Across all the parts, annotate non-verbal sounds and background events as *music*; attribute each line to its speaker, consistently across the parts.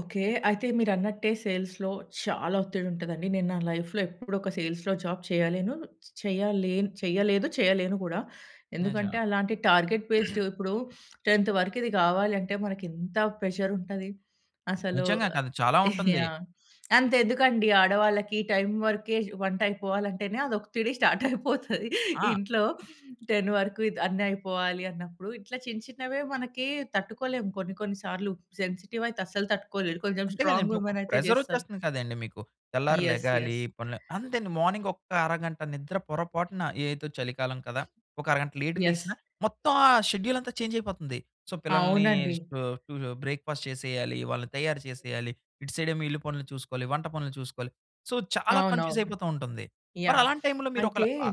Speaker 1: Okay. అయితే మీరన్నట్టే, సేల్స్‌లో చాలా ఒత్తిడుంటదండి, నేను నా లైఫ్‌లో ఎప్పుడొక సేల్స్‌లో జాబ్ చేయలెను చ్ చెయ్యాలేను చెయ్యలేదు, చెయ్యలేను గూడా. ఎందుకంటే,
Speaker 2: నిజమా?
Speaker 1: అలాంటి టార్గెట్
Speaker 2: *clears throat*
Speaker 1: బేస్డు ఇప్పుడు 10థ్ వరకిది గావాలంటే, మనకింత ప్రెషరుంటది, అసలు
Speaker 2: నిజంగా కాదు, చాలా
Speaker 1: ఆహ్, *giggles*
Speaker 2: ఉంటుంది.
Speaker 1: యాహ్! అంతెందుకండి, ఆడవాళ్ళకి ఈ టైం వరకే, జు వంటయిపోవాలంటేనే, అది ఒతిడి స్టార్టయిపోతది.
Speaker 2: ఆ!
Speaker 1: ఇంట్లో, 10 వరకు ఇది అన్ని అయిపోవాలి అన్నప్పుడు ఇట్లా చిన్న చిన్నవే మనకి తట్టుకోలేము, కొన్ని కొన్ని సార్లు సెన్సిటివయితే అస్సలు తట్టుకోలేరు, కొంచెం
Speaker 2: అంతే
Speaker 1: స్ట్రాంగ్
Speaker 2: గదండీ, ఒక
Speaker 1: వుమెనయితే జేస్తారు.
Speaker 2: ప్రెజరొచ్చేస్తుంది కదండీ మీకు, తెల్లారి
Speaker 1: యెస్.
Speaker 2: లెగాలి,
Speaker 1: యెస్.
Speaker 2: పనులు అంతే అండి మార్నింగొక్క అరగంట నిద్ర పొరపాటున ఏదో చలికాలం కదా! ఒక అరగంట లేట్‌గా
Speaker 1: యెస్.
Speaker 2: లేగిసినా, మొత్తం ఆ షెడ్యూలంతా చేంజయిపోతుంది. సో, పిల్లల్ని
Speaker 1: అవునండి.
Speaker 2: స్టు టుజొ బ్రేక్‌ఫాస్ట్ చేసేయాలి, వాళ్ళని తయారు చేసేయాలి. ఇటు సైడేమో ఇల్లు పనులు చూసుకోవాలి, వంట పనులు చూసుకోవాలి. సో, చాలా
Speaker 1: అవునవును.
Speaker 2: కన్‌ఫ్యూజయిపోతా ఉంటుంది. మరి
Speaker 1: యాహ్!
Speaker 2: అలాంటి టైంలో, మీరొకల
Speaker 1: అయితే,
Speaker 2: ఆ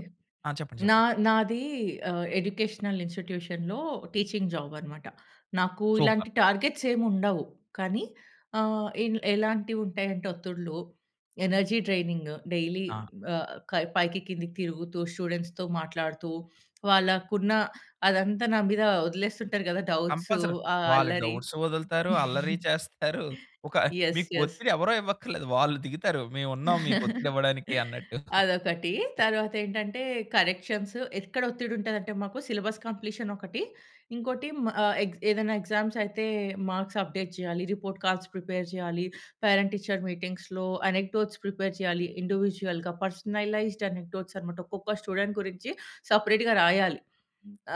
Speaker 2: ఆ! చెప్పండి.
Speaker 1: నా
Speaker 2: చెప్పండి.
Speaker 1: నాదీ ఆహ్, ఎడ్యుకేషనల్ ఇన్స్‌టిట్యూషన్‌లో టీచింగ్ జాబనమాట. నాకు
Speaker 2: సూపర్.
Speaker 1: ఇలాంటి టార్గెట్సేం ఉండవు, కానీ ఆహ్, ఇన్ ఎలాంటివుంటాయంటే ఒత్తిడులు, ఎనర్జీ ట్రైనింగు డైలీ
Speaker 2: ఆ!
Speaker 1: ఆహ్, కయ్ పైకి కిందకి తిరుగుతూ, స్టూడెంట్స్‌తో మాట్లాడుతూ, వాళ్ళకున్న అదంతా నా మీద ఒదిలేస్తుంటారు గదా డౌట్స్,
Speaker 2: కంపల్సరీ.
Speaker 1: ఆ
Speaker 2: వాళ్ళు
Speaker 1: అల్లరి.
Speaker 2: డౌట్స్ వదులుతారు, అల్లరి *giggles*
Speaker 1: *giggles*
Speaker 2: చేస్తారు. ఒక
Speaker 1: యెస్.
Speaker 2: మీకు
Speaker 1: యెస్.
Speaker 2: ఒత్తిడి ఎవరో ఇవ్వక్కర్లేదు, వాళ్ళు దిగుతారు, మేమున్నాం మీకు ఒత్తిడి
Speaker 1: *chuckles*
Speaker 2: ఇవ్వడానికి అన్నట్టు.
Speaker 1: అదొకటి,
Speaker 2: *giggles*
Speaker 1: తరువాతేంటంటే, కరెక్షన్స్ ఎక్కడ ఒత్తిడుంటదంటే మాకు, సిలబస్ కంప్లీషనొకటి, ఇంకోటి మ ఆహ్, ఎగ్ ఏదన్నా ఎగ్జామ్సయితే, మార్క్స్ అప్డేట్ జేయాలి, రిపోర్ట్ కార్డ్స్ ప్రిపేర్ జేయాలి, పేరెంట్ టీచర్ మీటింగ్స్‌లో అనెక్టోట్స్ ప్రిపేర్ చేయాలి. ఇండివిడ్యుయల్‌గా, పర్సనలైజ్డ్ అనెక్టోట్స్ అన్నమాట, ఒక్కొక్క స్టూడెంట్ గురించి, సపరేట్‌గా రాయాలి.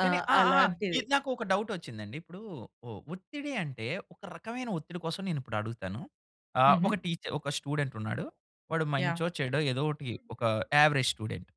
Speaker 1: ఆ!
Speaker 2: కానీ ఆ! ఆ!
Speaker 1: అలాంటిది.
Speaker 2: ఇది నాకొక డౌటొచ్చిందండి, ఇప్పుడూ ఒ ఒత్తిడి అంటే, ఒక రకమైన ఒత్తిడి కోసం నేనిప్పుడు అడుగుతాను. ఆహ్, ఒక
Speaker 1: హుహు.
Speaker 2: టీచ ఒక స్టూడెంటున్నాడు, వాడు
Speaker 1: యాహ్!
Speaker 2: మంచో, చెడో, ఏదో ఒకటి ఒకా యావరేజ్ స్టూడెంట్.